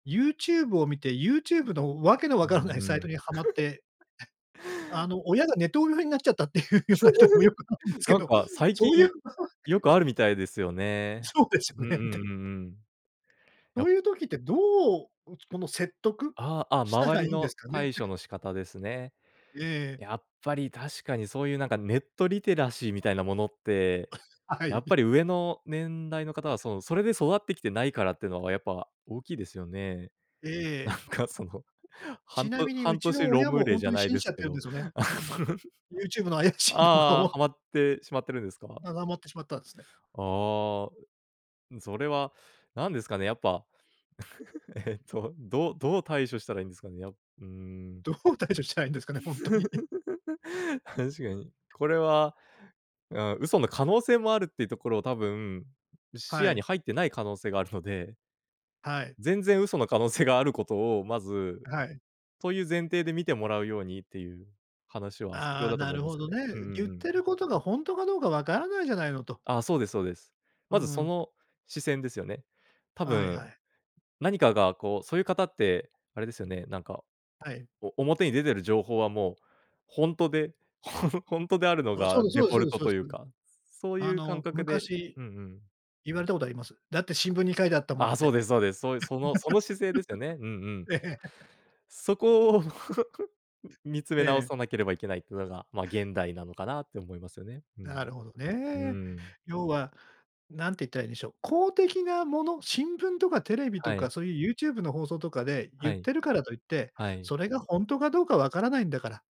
YouTube を見て、YouTube のわけのうわんからないサうイトん。にハマって、あの親がネトウヨになっちゃったっていうような人にも、よく会うんですけなんど、か、最そ近、ういう場合っよてくあるみたいですよね。そうですうよんうね。で。んうんうん。そやっういう時って、どう、うつこの説得ああ、あ、した周らりいいんでのすかね？対処の仕方ですね。ええ。やっぱり確かに、そういうなんかネットリテラシーみたいなものって、はやっい。ぱり上の年代の方はその、それで育ってきてないからっていうのはやっぱ大きいですよね。えなえ。んかその、はちんなとみに、う半ち年の親 ROM もれ本じ当ゃにない信でじちすゃっけてるんど。ですよね。あ YouTube の怪しい動画あああ、を。ハマってしまってるんですか？ってしまったんですね。ああ。それは何ですかね、やっぱ。ええと、どうどう対処したらいいんですかね。や、うーん。どう対処したらいいんですかね、ほんとに。確かに。これは、あ、嘘の可能性もあるっていうところを多分、視は野にい。入ってない可能性があるので。はい。全然嘘の可能性があることを、まず、はい。という前提で見てもらうようにっていう話は、必あ要あ、だとな思るいますほよどね。うんね。う言んっうてん。ることが、ほんとかどうかわからないじゃないのと。ああ、そうですそうです。うーまずそん。の視線ですよね。多はいは分、い。何かがこう、そういう方ってあれですよね。なんか、はい。お表に出てる情報はもうほんとで、ほんほんとであるのあ、そうがですデそうでフすォそうルですトといそううです。か、そうあいう感の覚で、昔、うんうん。言われたことあります。だって新聞に書いてあったもあんあ、っそうて。ですそうです。そういう、そのその姿勢ですよね。うんうん。ええ。そこを 見つめえ直え。さなければいけないっていうのが、まあ、現代なのかなって思いますよね。うなん。るほどうね。ーん。要はなんていったらいいんでしょう。公的なもの、新聞とかテレビとはか、い。そういう YouTube の放送とかでは言っい。てるからといって、はい。それがほんとかどうかわからないんだから。